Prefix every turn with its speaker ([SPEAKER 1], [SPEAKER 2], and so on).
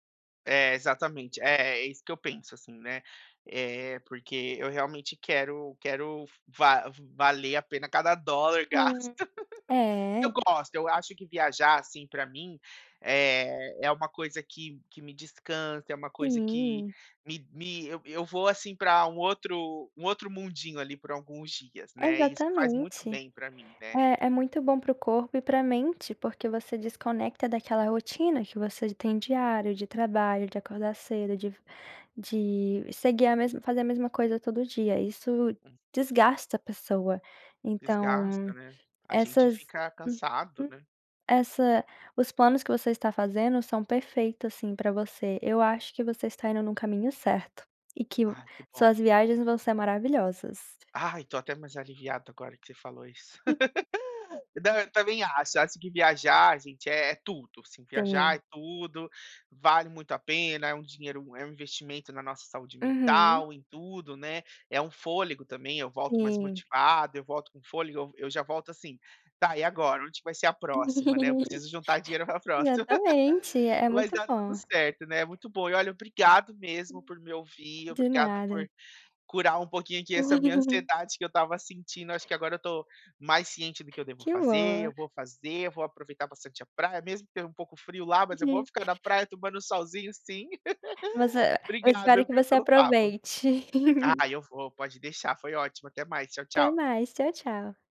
[SPEAKER 1] É. Exatamente. É é isso que eu penso assim, né? Eh, porque eu realmente quero quero va v valer a pena cada dólar gasto.
[SPEAKER 2] Hum,
[SPEAKER 1] Eu
[SPEAKER 2] é.
[SPEAKER 1] gosto. Eu acho que viajar assim pra mim, eh, é uma coisa que que me descansa. É uma coisa que
[SPEAKER 2] Sim.
[SPEAKER 1] me me eu eu vou assim pra um outro um outro mundinho ali por alguns dias, né? Isso faz muito
[SPEAKER 2] Exatamente.
[SPEAKER 1] bem pra mim, né.
[SPEAKER 2] É, é muito bom pro corpo e pra mente, porque você desconecta daquela rotina que você tem diário, de trabalho, de acordar cedo, de de seguir a mesma fazer a mesma coisa todo dia. Isso
[SPEAKER 1] Uhum.
[SPEAKER 2] desgasta a pessoa. Então
[SPEAKER 1] Desgasta, né? A gente
[SPEAKER 2] essas
[SPEAKER 1] fica cansado,
[SPEAKER 2] uhum.
[SPEAKER 1] né?
[SPEAKER 2] Essa os planos que você está fazendo são perfeitos, assim, pra você. Eu acho que você está indo num caminho certo e que
[SPEAKER 1] Ah, que bom.
[SPEAKER 2] suas viagens vão ser maravilhosas.
[SPEAKER 1] Ai, tô até mais aliviado agora que você falou isso. Não, eu também acho. Acho que viajar, gente, é é tudo. Assim, viajar
[SPEAKER 2] Sim.
[SPEAKER 1] é tudo, vale muito a pena. É um dinheiro é um investimento na nossa saúde
[SPEAKER 2] Uhum.
[SPEAKER 1] mental, em tudo né. É um fôlego também. Eu volto mais
[SPEAKER 2] Sim.
[SPEAKER 1] motivado, eu volto com fôlego, eu eu já volto assim, tá e agora, onde que vai ser a próxima, né. Eu preciso juntar dinheiro pra próxima.
[SPEAKER 2] Exatamente, é
[SPEAKER 1] Mas
[SPEAKER 2] muito
[SPEAKER 1] dá tudo
[SPEAKER 2] bom.
[SPEAKER 1] certo né. Muito bom. E olha, obrigado mesmo por me ouvir,
[SPEAKER 2] De
[SPEAKER 1] obrigado por
[SPEAKER 2] nada.
[SPEAKER 1] curar um pouquinho aqui essa minha ansiedade que eu estava sentindo. Acho que agora eu tô mais ciente do que eu devo
[SPEAKER 2] Que
[SPEAKER 1] fazer.
[SPEAKER 2] bom.
[SPEAKER 1] Eu vou fazer, eu vou aproveitar bastante a praia, mesmo que esteja um pouco frio lá, mas eu vou ficar na praia tomando um solzinho, sim.
[SPEAKER 2] Mas e eu espero
[SPEAKER 1] Obrigado
[SPEAKER 2] que
[SPEAKER 1] viu,
[SPEAKER 2] você
[SPEAKER 1] pelo papo.
[SPEAKER 2] aproveite.
[SPEAKER 1] Ai, eu vou. Pode deixar. Foi ótimo. Até mais. Tchau,
[SPEAKER 2] Até
[SPEAKER 1] tchau.
[SPEAKER 2] mais. Tchau, tchau.